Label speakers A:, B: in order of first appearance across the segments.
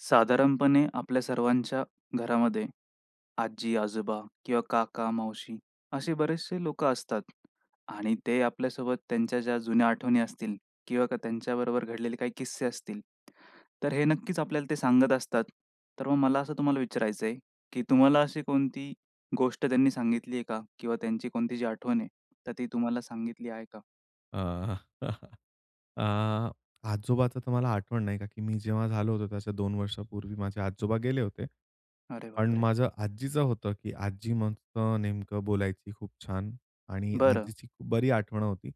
A: साधारणपणे आपल्या सर्वांच्या घरामध्ये, आजी-आजोबा किंवा काका, मावशी असे बरेचसे लोकं असतात आणि ते आपल्यासोबत त्यांच्या ज्या जुन्या आठवणी असतील. किंवा त्यांच्याबरोबर घडलेले काही किस्से असतील. तर हे नक्कीच आपल्याला ते सांगत असतात. तर मग मला असं तुम्हाला विचारायचंय, की तुम्हाला अशी कोणती गोष्ट त्यांनी सांगितली आहे का? किंवा त्यांची कोणती जी आठवण आहे तर ती तुम्हाला सांगितली आहे का?
B: अ, अ, आजोबाचं तर मला आठवण नाही का की मी जेव्हा झालो होतो त्याच्या 2 वर्षापूर्वी माझे आजोबा गेले होते.
A: अरे
B: पण
A: बापरे!
B: माझ्या आजीचं होतं की आजी मग अ, नेमकं बोलायची खूप छान आणि
A: बरं.
B: आजीची बरी आठवण होती.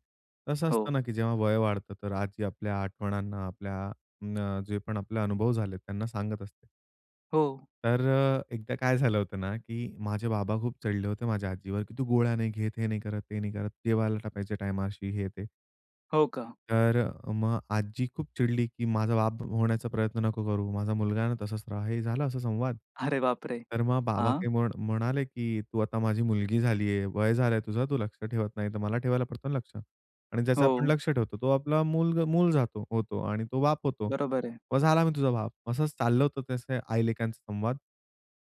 B: कस
A: हो.
B: असतं ना की जेव्हा वय वाढतं, तर आजी आपल्या आठवणांना अ, आपल्या न जे पण आपले अनुभव झालेत त्यांना सांगत असते.
A: हो.
B: तर अ, एकदा काय झालं होतं ना की माझे बाबा खूप चिडले होते माझ्या आजीवर की, "तू गोळ्या नाही घेत, हे नाही करत, ते नाही करत, देवाला [unintelligible] टाईमा शी हे, ते."
A: हो, का?
B: तर मग आजी खूप चिडली की, "माझा बाप होण्याचा प्रयत्न नको करू. तू माझा मुलगा आहे ना? तसंच राहा." हे झालं असा संवाद.
A: अरे बाप रे!
B: तर मग बाबा
A: हां.
B: काही म्हण म्हणाले की, "तू आता माझी मुलगी झाली आहे, वय झालंय तुझं तू लक्ष ठेवत नाही तर मला ठेवायला पडतो ना लक्ष" आणि ज्याचं आपण
A: हो.
B: लक्ष ठेवतो तो आपला मुलगा मूल जातो होतो आणि तो बाप होतो.
A: बरोबर आहे.
B: "मग झाला मी तुझा बाप!" असंच चाललं होतं त्याचे आई लेकांचा संवाद.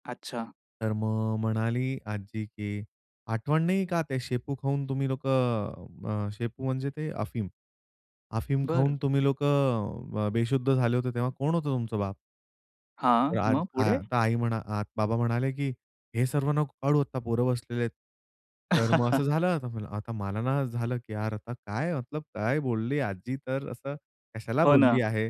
A: अच्छा.
B: तर मग म्हणाली आजी की, "आठवण नाहीये का ते शेपू खाऊन तुम्ही लोकं" अ, शेपू म्हणजे ते अफीम. "अफीम खाऊन
A: बरं.
B: तुम्ही लोकं अ, बेशुद्ध झाले होते तेव्हा कोण होतं तुमचं बाप?" तर
A: हां,
B: आज
A: मग
B: आ
A: पुढे?
B: आता आई म्हणा आ बाबा म्हणाले की, "हे सर्व नको काढू, आता पोरं बसलेले आहेत." तर मग असं झालं आता. आता मला ना असं झालं की "यार, आता काय मतलब काय बोलली आजी तर असं कशाला
A: हो ना,
B: बोलली आहे?"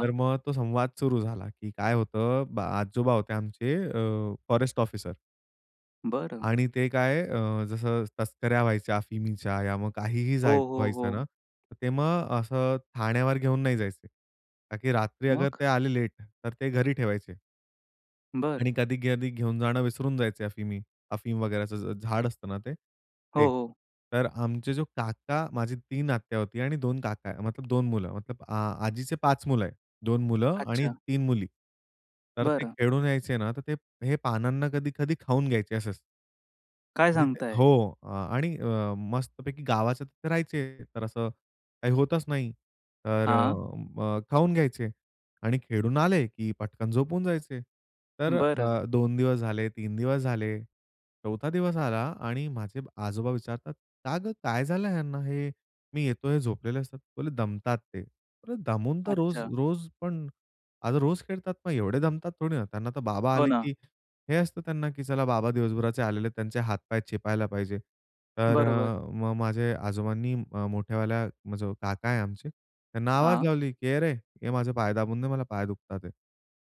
B: तर मग तो संवाद सुरू झाला की काय होतं अ, ब आजोबा होते आमचे अ, फॉरेस्ट ऑफिसर.
A: बरं.
B: आणि ते काय अ, जसं तस्कऱ्या व्हायच्या अफिमीच्या या मग काहीही जाय
A: हो, हो,
B: व्हायचं ना,
A: हो.
B: ते मग असं ठाण्यावर घेऊन नाही जायचे. का की रात्री ते
A: मग?
B: अगर आले लेट तर ते घरी ठेवायचे.
A: बरं.
B: आणि कधी-कधी घेऊन जाणं विसरून जायचे अफीमी अफीम वगैरेचं झ झाड असतं ना ते? ते.
A: हो, हो.
B: तर आमचे जो काका माझी 3 आत्या होती आणि 2 काका मतलब 2 मुलं मतलब आ आजीचे 5 मुलं आहे, 2 मुलं आणि
A: अच्छा!
B: 3 मुली. तर ते
A: बरं.
B: खेळून यायचे ना तर ते हे पानांना कधी-कधी खाऊन घ्यायचे असंच.
A: काय
B: म्हणजे ते
A: सांगताय?
B: हो. आणि अ, मस्तपैकी गावाच्या तिथे राहायचे तर असं काही होतच नाही तर
A: हां.
B: अ, खाऊन घ्यायचे आणि खेळून आले, की पटकन झोपून जायचे. तर
A: बरं.
B: अ, 2 दिवस झाले, 3 दिवस झाले, 4 दिवस आला आणि माझे आजोबा विचारतात, "का गं, काय झालं ह्यांना हे मी येतोय हे झोपलेले असतात?" बोलले, "दमतात ते, अरे दमून तर रोज
A: अच्छा.
B: रोज पण, अगं रोज खेळतात मग एवढे दमतात थोडी ना? त्यांना तर बाबा
A: हो
B: आले,
A: ना.
B: की हे असतं त्यांना की चला बाबा दिवसभराचे आलेले त्यांचे हातपाय चेपायला पाहिजे." तर
A: बरोबर.
B: अ, मग माझे आजोबांनी मोठयावाल्या मग जो काका आहे आमचे त्यांना आवाज
A: हां.
B: लावली की "अरे ये माझे पाय दाबून दे, मला पाय दुखतात आहेत."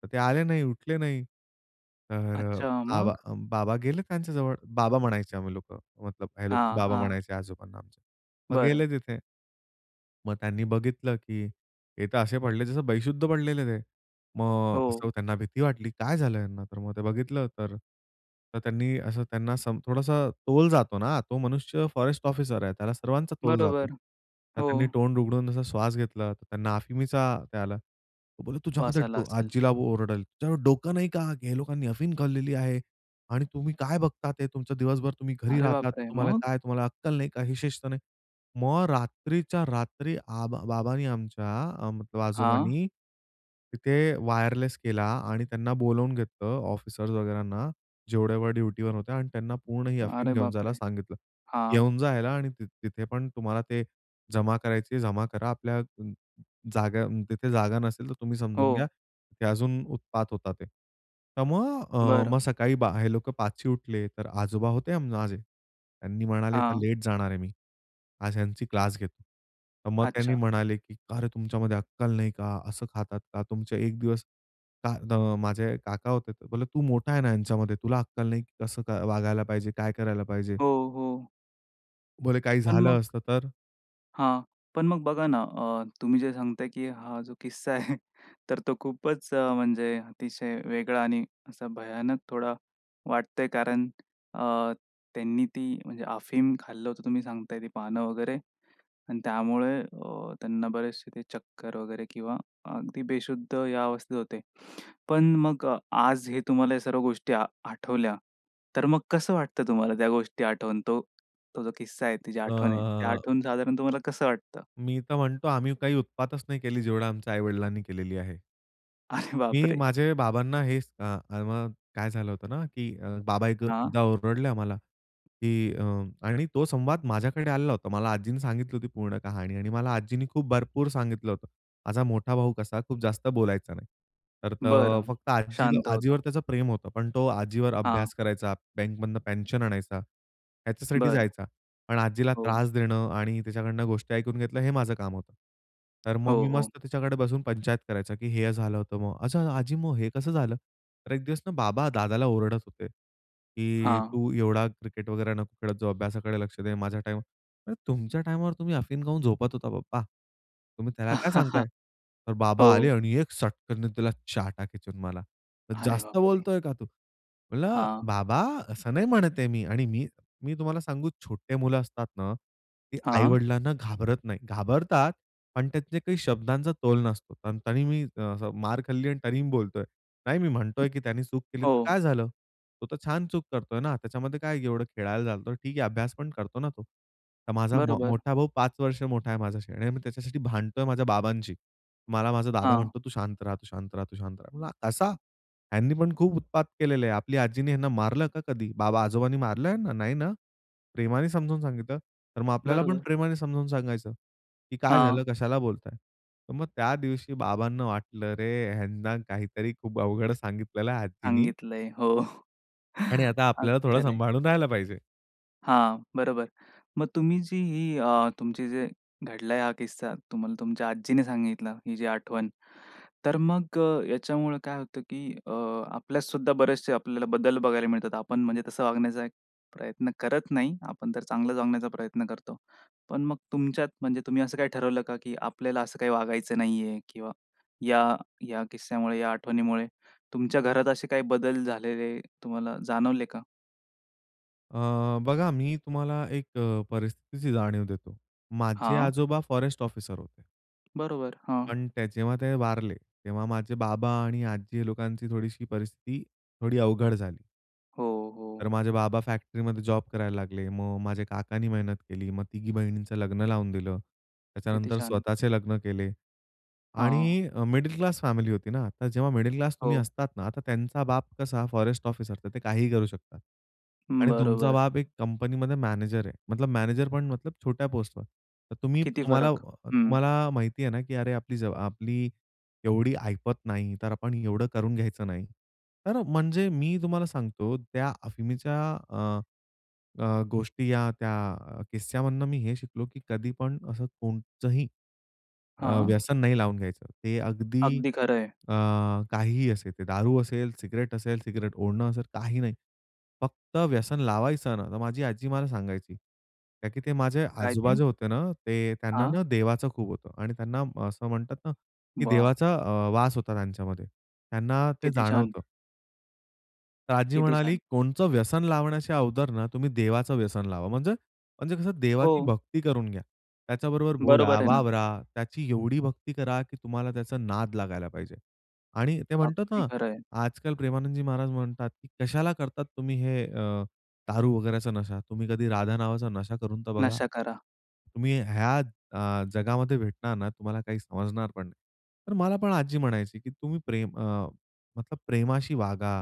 B: तर ते आले नाही, उठले नाही. तर अ,
A: अच्छा!
B: बाबा
A: मग?
B: अ, बाबा गेले त्यांच्याजवळ बाबा म्हणायचे आम्ही लोकं मतलब हे लोक
A: हां,
B: बाबा
A: हां.
B: म्हणायचे आजोबांना आमच्या मग
A: बरं.
B: गेले तिथे मग त्यांनी बघितलं, की हे तर असे पडले जसं बेशुद्ध पडलेले ते. मग असं
A: हो.
B: त्यांना भीती वाटली काय झालं यांना तर मग ते बघितलं तर त्यांनी असं त्यांना सम थोडासं तोल जातो ना तो मनुष्य फॉरेस्ट ऑफिसर आहे. त्याला सर्वांचा तोल जातो.
A: बरोबर.
B: तर
A: हो.
B: त्यांनी तोंड उघडून जसा श्वास घेतला तर त्यांना अफीमीचा त्या आला. तो बोलला तुझ्या
A: वास आला
B: [unintelligible]
A: असेल.
B: आजीला ओरडेल. तुझ्याकडे डोकं नाही का? ह्या लोकांनी अफीम खाललेली आहे आणि तुम्ही काय बघता. ते तुमचं दिवसभर तुम्ही घरी
A: अरे
B: राहतात.
A: बापरे!
B: तुम्हाला
A: मग.
B: काय तुम्हाला अक्कल नाही का हे शिस्त नाही. मग रात्रीच्या रात्री आबा बाबांनी आमच्या अम मतलब
A: हां.
B: आजोबांनी, तिथे वायरलेस केला आणि त्यांना बोलावून घेतलं ऑफिसर्स वगैरांना जेवढे वेळ ड्युटीवर होत्या आणि त्यांना पूर्ण ही अफीम
A: अरे
B: घेऊन
A: बाप
B: जायला
A: रे!
B: सांगितलं.
A: हां.
B: घेऊन जा याला आणि तिथे पण तुम्हाला ते जमा करायचीये जमा करा आपल्या अ, जागा तिथे जागा नसेल तर तुम्ही समजून घ्या.
A: हो.
B: की अजून उत्पात होतात ते. तर मग अ,
A: बरं.
B: मग सकाळी हे लोक 5ची उठले तर आजोबा होते माझे. त्यांनी म्हणाले, "आता
A: हां.
B: लेट जाणार आहे मी, आज ह्यांची क्लास घेतो." मग त्यांनी
A: अच्छा.
B: म्हणाले की "अरे तुमच्यामध्ये अक्कल नाही का? असं खातात का? तुमच्या एक दिवस" [unintelligible] माझे काका होते. बोलले "तू मोठा आहे ना ह्यांच्यामध्ये, तुला अक्कल नाही कसं क वागायला पाहिजे, काय करायला पाहिजे?"
A: हो, हो.
B: बोलले काही
A: पण
B: झालं
A: मग
B: असतं तर?
A: हां. पण मग बघा ना अ, तुम्ही जे सांगताय की हा जो किस्सा आहे तर तो खूपच म्हणजे अतिशय वेगळा आणि असा भयानक थोडा वाटतंय कारण अ, त्यांनी ती म्हणजे अफीम खाल्लं होतं, तुम्ही सांगताय ती पानं वगैरे आणि त्यामुळे अ, त्यांना बरेचशे ते चक्कर वगैरे किंवा अगदी बेशुद्ध या अवस्थेत होते. पण मग आज हे तुम्हाला या सर्व गोष्टी आ आठवल्या. तर मग कसं वाटतं तुम्हाला त्या गोष्टी आठवून तो तो जो किस्सा आहे, ती जी आठवण आहे ते
B: अ
A: आठवून साधारण तुम्हाला कसं वाटतं?
B: मी तर म्हणतो आम्ही काही उत्पातच नाही केली जेवढं आमच्या आई-वडिलांनी केलेली आहे.
A: अरे
B: मी
A: बापरे!
B: माझे बाबांना हे स अ, अ, म काय झालं होतं ना की अ, बाबा एक
A: हां.
B: एकदा ओरडले आम्हाला की अ, आणि तो संवाद माझ्याकडे आलेला होता. मला आजींनी सांगितली होती पूर्ण कहाणी आणि मला आजीनी खूप भरपूर सांगितलं होतं. माझा मोठा भाऊ कसा खूप जास्त बोलायचा नाही. तर त
A: बरं.
B: फक्त आजील
A: शांत
B: आजीवर
A: होतं.
B: त्याचं प्रेम होतं. पण तो आजीवर
A: हां.
B: अभ्यास करायचा, बँकमधनं पेन्शन आणायचा, ह्याच्यासाठी
A: बरं.
B: जायचा. पण आजीला
A: हो.
B: त्रास देणं आणि त्याच्याकडनं गोष्टी ऐकून घेतलं हे माझं काम होतं. तर मग
A: हो,
B: मी
A: हो.
B: मस्त तिच्याकडे बसून पंचायत करायचा की "हे झालं होतं," मग, "असं, आजी मग हे कसं झालं?" तर एक दिवस ना बाबा दादाला ओरडत होते की
A: हां.
B: "तू एवढा क्रिकेट वगैरे नको खेळत जाऊ अभ्यासाकडे लक्ष दे. माझ्या टाईम" म्हणलं, "तुमच्या टाईमवर तुम्ही अफीम खाऊन झोपत होता पप्पा. तुम्ही त्याला काय सांगताय?" तर बाबा आले
A: हो.
B: आणि एक सटकनने दिला चाटा खिचून मला. "तर
A: अरे
B: जास्त
A: बापरे!
B: बोलतोय का तू?" म्हणलं,
A: हां.
B: "बाबा, असं नाही म्हणत आहे मी" आणि मी मी तुम्हाला सांगू छोटे मुलं असतात ना, ते
A: हां.
B: आई-वडिलांना घाबरत नाही. घाबरतात पण त्यातले काही शब्दांचा तोल नसतो. तं तरी मी असं मार खाल्ली आणि तरी मी बोलतोय, "नाही मी
A: हं.
B: म्हणतोय की त्यानी चूक केली तर
A: हो.
B: काय झालं? तो तर छान चूक करतोय ना! त्याच्यामध्ये काय की एवढं खेळायला चालतो. ठीक आहे अभ्यास पण करतो ना तो." तर माझा मा
A: बरोबर.
B: मोठा भाऊ 5 वर्ष मोठा आहे माझ्याशी आणि मी त्याच्यासाठी भांडतोय माझ्या बाबांशी. मला माझा दादा
A: हां.
B: म्हणतो, "तू शांत रहा, तू शांत रहा तू शांत रहा." म्हणलं, "असा? ह्यांनी पण खूप उत्पात केलेलं आहे. आपली आजीनी ह्यांना मारलं का कधी? बाबा आजोबांनी मारलं ह्यांना? नाही ना? प्रेमाने समजून सांगितलं. तर मग आपल्याला पण
A: बरोबर.
B: प्रेमाने समजावून सांगायचं, की काय झालं,
A: हां.
B: कशाला बोलताय?" तर मग त्या दिवशी बाबांना वाटलं, अरे ह्यांना काहीतरी खूप अवघड सांगितलेलं आहे आजीनी
A: सांगितलय हो.
B: आणि आता आपल्याला
A: अगदी
B: थोडं
A: खरंय.
B: सांभाळून राहायला पाहिजे.
A: हां, बरोबर मग तुम्ही जी ही अ, तुमची जे घडलाय हा किस्सा, तुम्हाला तुमच्या आजीने सांगितला ही जी आठवण. तर मग अ, याच्यामुळं काय होतं की अ, आपल्यात सुद्धा बरेचसे आपल्याला बदल बघायला मिळतात. आपण म्हणजे तसं वागण्याचा एक प्रयत्न करत नाही. आपण तर चांगलाच वागण्याचा प्रयत्न करतो. पण मग तुमच्यात म्हणजे तुम्ही असं काही ठरवलं का? की आपल्याला असं काही वागायचं नाही आहे किंवा या या किस्स्यामुळे या आठवणीमुळे तुमच्या घरात असे काही बदल झालेले तुम्हाला जाणवले का?
B: अ, बघा मी तुम्हाला एक अ, परिस्थितीची जाणीव देतो. माझे
A: हां.
B: आजोबा फॉरेस्ट ऑफिसर होते.
A: बरोबर, हां.
B: पण त्या जेव्हा ते वारले, तेव्हा माझे बाबा आणि आजी लोकांची थोडीशी परिस्थिती थोडी अवघड झाली.
A: हो,
B: तर
A: हो.
B: माझे बाबा फॅक्टरीमध्ये जॉब करायला लागले. मग माझ्या काकांनी मेहनत केली, मग तिघी बहिणींचं लग्न लावून दिलं.
A: किती
B: त्याच्यानंतर
A: छान!
B: स्वतःचे लग्न केले
A: हां.
B: आणि अ, मिडल क्लास फॅमिली होती ना. आता जेव्हा मिडल क्लास तुम्ही
A: हो.
B: असतात ना. आता त्यांचा बाप कसा फॉरेस्ट ऑफिसर तर ते काहीही करू शकतात
A: हं,
B: आणि तुमचा
A: बरोबर.
B: बाप एक कंपनीमध्ये मॅनेजर आहे. मतलब मॅनेजर पण मतलब छोट्या पोस्टवर तर तुम्ही
A: किती
B: तुम्हाला अ,
A: फरक?
B: अ,
A: हं.
B: तुम्हाला माहिती आहे ना की अरे आपली जवाब आपली एवढी ऐपत नाही तर आपण एवढं करून घ्यायचं नाही. तर म्हणजे मी तुम्हाला सांगतो त्या अफीमीच्या अ, अ, गोष्टी या त्या अ, किस्स्यामधनं मी हे शिकलो की कधी पण असं कोणचंही, अ,
A: हां.
B: व्यसन नाही लावून घ्यायचं. ते अगदी
A: अगदी खरं आहे.
B: अ, काहीही असेल, ते दारू असेल, सिगरेट असेल, सिगरेट ओढणं असेल काही नाही. फक्त व्यसन लावायचं ना तर माझी आजी मला सांगायची, का की ते माझे
A: काय ते?
B: आजोबाजे होते ना ते त्यांना
A: हां.
B: ना देवाचं खूप होतं आणि त्यांना असं म्हणतात ना की
A: वाह!
B: देवाचा अ, वास होता त्यांच्यामध्ये, त्यांना ते
A: किती छान!
B: जाणवतं. तर आजी
A: किती
B: म्हणाली
A: छान!
B: कोणतं व्यसन लावण्याच्या अगोदर ना तुम्ही देवाचं व्यसन लावा. म्हणजे म्हणजे कसं देवाची
A: हो.
B: भक्ती करून घ्या. त्याच्याबरोबर बोला,
A: बरोबर आहे ना.
B: वावरा त्याची एवढी भक्ती करा, की तुम्हाला त्याचा नाद लागायला पाहिजे. आणि ते म्हणतात
A: अगदी
B: ना
A: खरं आहे.
B: आजकाल प्रेमानंदजी महाराज म्हणतात की "कशाला करतात तुम्ही हे अ, दारू वगैरेचा नशा? तुम्ही कधी राधा नावाचा नशा करून तर बघा.
A: नशा करा.
B: तुम्ही ह्या अ, जगामध्ये भेटणार ना तुम्हाला काही समजणार पण नाही." तर मला पण आजी म्हणायची की तुम्ही प्रेम अ, मतलब "प्रेमाशी वागा.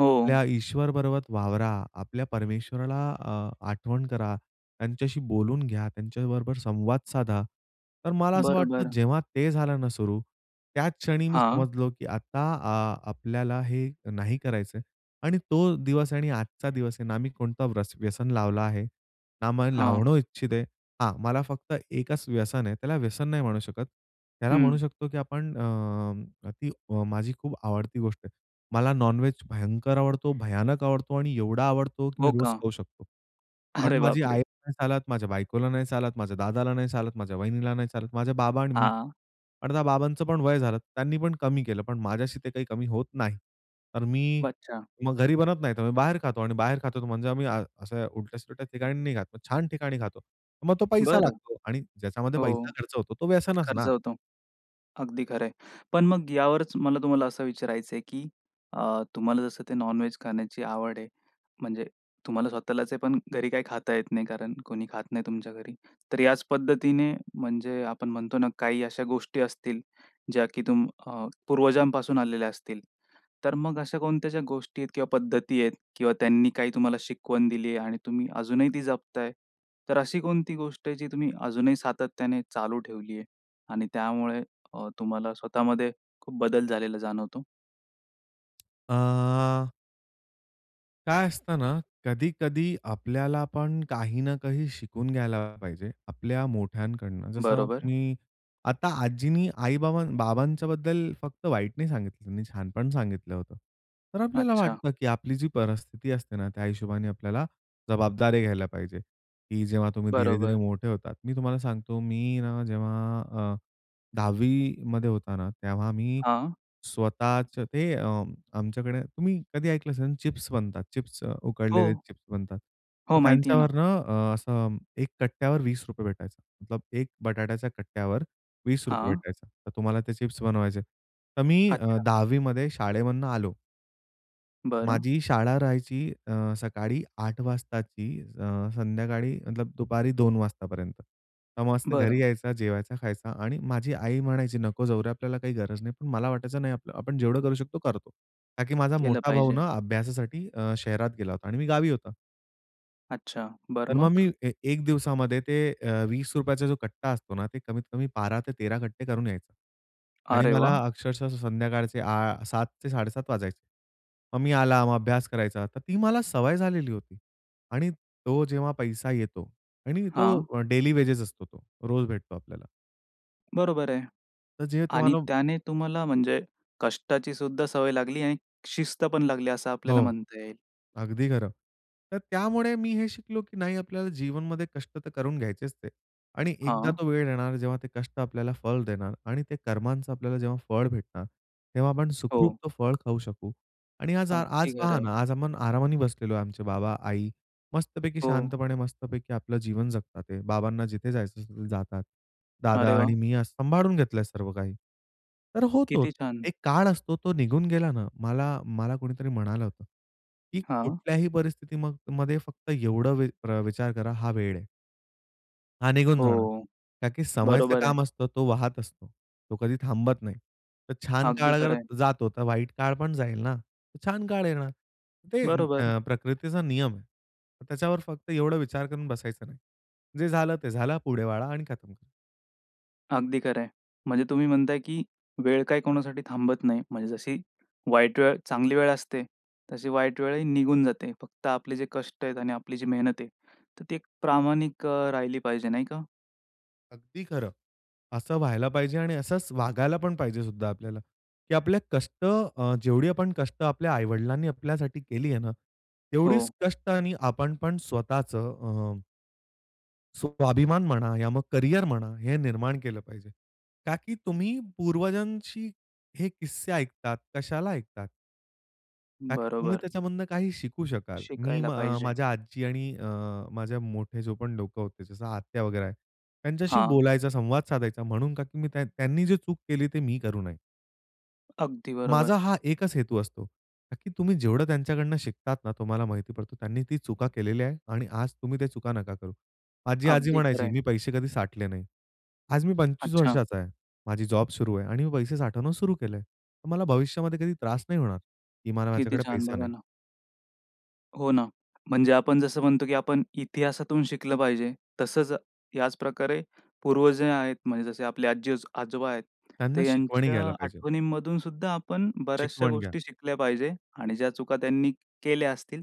A: हो.
B: आपल्या ईश्वरबरोबर वावरा, आपल्या परमेश्वराला अ, आठवण करा, त्यांच्याशी बोलून घ्या, त्यांच्याबरोबर संवाद साधा." तर मला असं वाटतं
A: बरोबर.
B: जेव्हा ते झालं ना सुरू. त्याच क्षणी मी
A: हां.
B: समजलो, की आता अ, आपल्याला हे नाही करायचं आहे. आणि तो दिवस आणि आजचा दिवस आहे ना मी कोणता व्र व्यसन लावला आहे, ना मला
A: हां.
B: लावणं इच्छित आहे. हां. मला फक्त एकच व्यसन आहे. त्याला व्यसन नाही म्हणू शकत. त्याला म्हणू
A: हं.
B: शकतो, की आपण अ, अ, ती माझी खूप आवडती गोष्ट आहे. मला नॉनवेज भयंकर आवडतो, भयानक आवडतो आणि एवढा आवडतो, की मी
A: हो
B: रोज
A: का?
B: खाऊ शकतो. पण
A: अरे
B: माझी
A: बापरे!
B: आईला नाही चालत, माझ्या बायकोला नाही चालत, माझ्या दादाला नाही चालत, माझ्या वहिनीला नाही चालत, माझे बाबा आणि मी
A: हां.
B: अर्थात बाबांचं पण वय झालं त्यांनी पण कमी केलं. पण माझ्याशी ते काही कमी होत नाही. तर मी
A: अच्छा.
B: मग घरी बनवत नाही तर मी बाहेर खातो. आणि बाहेर खातो म्हणजे आम्ही असं उलट्या-सुलट्या ठिकाणी नाही खात. छान ठिकाणी खातो. मग तो पैसा
A: बरं.
B: लागतो आणि ज्याच्यामध्ये
A: हो.
B: पैसा खर्च होतो तो व्यसनचं
A: खर्च
B: ना?
A: होतो. अगदी खरं आहे. पण मग यावरचं मला तुम्हाला असं विचारायचंय की? अ, तुम्हाला जसं ते नॉन-व्हेज खाण्याची आवड आहे, म्हणजे तुम्हाला स्वतःलाच आहे. पण घरी काही खाता येत नाही. कारण कोणी खात नाही तुमच्या घरी. तर याच पद्धतीने म्हणजे आपण म्हणतो ना काही अशा गोष्टी असतील ज्या की तुम अ, पूर्वजांपासून आलेल्या असतील. तर मग अशा कोणत्या ज्या गोष्टी आहेत किंवा पद्धती आहेत किंवा त्यांनी काही तुम्हाला शिकवण दिली आहे? आणि तुम्ही अजूनही ती जपताय. तर अशी कोणती गोष्ट आहे जी तुम्ही अजूनही सातत्याने चालू ठेवली आहे? आणि त्यामुळे अ, तुम्हाला स्वतःमध्ये खूप बदल झालेला जाणवतो?
B: अ काय असतं ना, कधी-कधी आपल्याला पण काही ना काही शिकून घ्यायला पाहिजे आपल्या मोठ्यांकडनं. जसं
A: बरोबर.
B: मी आता आजीनी आई-बाबा बाबांच्याबद्दल फक्त वाईट नाही सांगितलं त्यांनी छानपण सांगितलं होतं. तर आपल्याला
A: अच्छा.
B: वाटतं की आपली जी परिस्थिती असते ना, त्या हिशोबाने आपल्याला जबाबदारी घ्यायला पाहिजे. की जेव्हा तुम्ही धीरे-धीरे
A: बरोबर.
B: मोठे होतात. मी तुम्हाला सांगतो मी ना, जेव्हा अ, 10वी मध्ये होता ना, तेव्हा मी
A: हां.
B: स्वतःच ते अ, आमच्याकडे तुम्ही कधी ऐकलं असेल चिप्स बनतात, चिप्स उकडलेले
A: हो.
B: चिप्स बनतात.
A: हो,
B: तर
A: माहिती आहे ना.
B: त्यांच्यावरनं अ, असं एक कट्ट्यावर ₹20 भेटायचा. एक बटाट्याच्या कट्ट्यावर ₹20
A: हां.
B: भेटायचा तर तुम्हाला ते चिप्स बनवायचे. तर मी अ,
A: अच्छा.
B: 10वी मध्ये शाळेमधून आलो.
A: बरं.
B: माझी शाळा राहायची अ, सकाळी 8.00 वाजताची अ, संध्याकाळी मतलब दुपारी 2.00 वाजतापर्यंत. मग मस्त घरी
A: बरं.
B: यायचा जेवायचा, खायचा आणि माझी आई म्हणायची, "नको जाऊ रे, आपल्याला काही गरज नाही." पण मला वाटायचं "नाही, आपलं आपण जेवढं करू शकतो करतो." का की माझा
A: केलं
B: मोठा भाऊ
A: पाहिजे.
B: ना अभ्यासासाठी अ, शहरात गेला होता आणि मी गावी होतो.
A: अच्छा! बरं
B: तर मग मी
A: मग?
B: ए 1 दिवसामध्ये ते अ, वीस ₹20 चा चा जो कट्टा असतो ना, ते कमीत कमी 12 ते 13 कट्टे करून यायचं आणि
A: अरे
B: मला
A: वाह!
B: अक्षरशः संध्याकाळचे आ 7:00 ते 7:30 वाजायचे. मग मी आला मग अभ्यास करायचा. तर ती मला सवय झालेली होती आणि तो जेव्हा पैसा येतो आणि तो
A: हां.
B: व डेली वेजेस असतो तो, रोज भेटतो आपल्याला.
A: बरोबर आहे
B: तर जे
A: आणि
B: तुम्हाला
A: त्याने तुम्हाला म्हणजे कष्टाची सुद्धा सवय लागली आणि शिस्त पण लागली असं आपल्याला
B: हो,
A: म्हणता येईल.
B: अगदी खरं. तर त्यामुळे मी हे शिकलो की नाही आपल्याला जीवनमध्ये कष्ट तर करून घ्यायचेच ते आणि एकदा
A: हां.
B: तो वेळ येणार जेव्हा ते कष्ट आपल्याला फळ देणार आणि ते कर्मांचा आपल्याला जेव्हा फळ भेटणार, तेव्हा आपण सुखरुप
A: हो.
B: तो फळ खाऊ शकू आणि आज आ
A: अगदी
B: आज
A: खरं
B: पहा
A: आहे.
B: ना आज आपण आरामाने बसलेलो आहे, आमचे बाबा-आई मस्तपैकी
A: हो.
B: शांतपणे मस्तपैकी आपलं जीवन जगतात आहे. बाबांना जिथे जायचं असेल जातात. दादा
A: अरे
B: आणि
A: वाह!
B: मी असं सांभाळून घेतलं आहे सर्व काही. तर होतोच
A: किती छान!
B: एक काळ असतो तो निघून गेला ना मला, मला कोणीतरी म्हणालं होतं की
A: हां.
B: कुठल्याही परिस्थिती मग मध्ये फक्त एवढं वी विचार करा हा वेळ आहे. हा निघून जाणार
A: हो,
B: कारण की समयच
A: बरोबर आहे.
B: काम असतं. तो वाहत असतो. तो कधी थांबत नाही. तर छान काळ
A: अगदी
B: अगर
A: खरं आहे.
B: जातो, तर वाईट काळ पण जाईल ना. छान काळ येणार. ते
A: बरोबर.
B: अ, प्रकृतीचा नियम आहे. त्याच्यावर फक्त एवढा विचार करून बसायचं नाही. जे झालं ते झालं. पुढे वळा आणि खतम करा.
A: अगदी खरं आहे. म्हणजे तुम्ही म्हणताय, की वेळ काय कोणासाठी थांबत नाही. म्हणजे जशी वाईट वेळ चांगली वेळ असते, तशी वाईट वेळही निघून जाते. फक्त आपले जे कष्ट आहेत आणि आपली जी मेहनत आहे, तर ती एक प्रामाणिक अ, राहिली पाहिजे, नाही का.
B: अगदी खरं. असं व्हायला पाहिजे आणि असच वागायला पण पाहिजे सुद्धा आपल्याला, की आपल्या कष्ट, अ, जेवढी आपण कष्ट आपल्या आई-वडिलांनी आपल्यासाठी केली आहे ना,
A: हो.
B: तेवढीच कष्ट आणि आपण पण स्वतःच अ स्वाभिमान म्हणा या मग करियर म्हणा हे निर्माण केलं पाहिजे का की तुम्ही पूर्वजांशी हे किस्से ऐकतात. कशाला ऐकतात का की तुम्ही
A: बरोबर.
B: त्याच्यामधनं काही शिकू शकाल. मी
A: शिकायला
B: अ,
A: पाहिजे.
B: माझ्या आजी आणि अ, माझे मोठे जो पण लोकं होते. जसं आत्या वगैरे आहे. त्यांच्याशी
A: हां.
B: बोलायचा, संवाद साधायचा म्हणून, का की मी त्यांनी जे चूक केली, ते मी करू नये.
A: अगदी बरोबर.
B: माझा हा एकच हेतू असतो. का की तुम्ही जेवढं त्यांच्याकडनं शिकतात ना, तुम्हाला माहिती पडतो "त्यांनी ती चुका केलेल्या आहेत आणि आज तुम्ही त्या चुका नका करू." माझी आजी
A: अगदी खरं
B: म्हणायची
A: आहे.
B: मी पैसे कधी साठले नाही. आज मी 25
A: अच्छा.
B: वर्षाचा आहे. माझी जॉब सुरू आहे आणि मी पैसे साठवणं सुरू केलं आहे. मला भविष्यामध्ये कधी त्रास नाही होणार, की मला
A: किती
B: माझ्याकडे
A: छान
B: पैसे
A: बघा
B: नाही.
A: ना. हो ना. म्हणजे आपण जसं म्हणतो, की आपण इतिहासातून शिकलं पाहिजे तसंच याचप्रकारे पूर्वज ही आहेत म्हणजे जसे आपले आज्जी-आजोबा आहेत. तर
B: त्यांना शिकवणी
A: ह्यांच्या
B: घ्यायला पाहिजे.
A: आठवणींमधून सुद्धा आपण बऱ्याचशा
B: शिकवण घ्या.
A: गोष्टी शिकल्या पाहिजे आणि ज्या चुका त्यांनी केल्या असतील,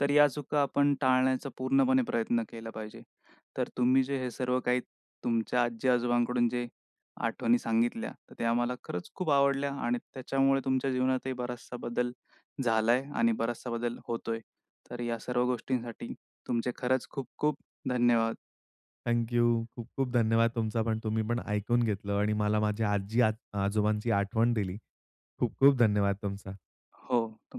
A: तर या चुका आपण टाळण्याचा पूर्णपणे प्रयत्न केला पाहिजे. तर तुम्ही जे हे सर्व काही तुमच्या आजी-आजोबांकडून जे आठवणी सांगितल्या, तर त्या आम्हाला खरंच खूप आवडल्या आणि त्याच्यामुळे तुमच्या जीवनातही बराचसा बदल झालाय आणि बराचसा बदल होतोय. तर या सर्व गोष्टींसाठी तुमचे खरंच खूप-खूप धन्यवाद!
B: Thank you. खूप-खूप धन्यवाद तुमचा पण तुम्ही पण ऐकून घेतलं आणि मला माझ्या आजी आ आजोबांची आठवण दिली. खूप-खूप धन्यवाद तुमचा.
A: हो, तुम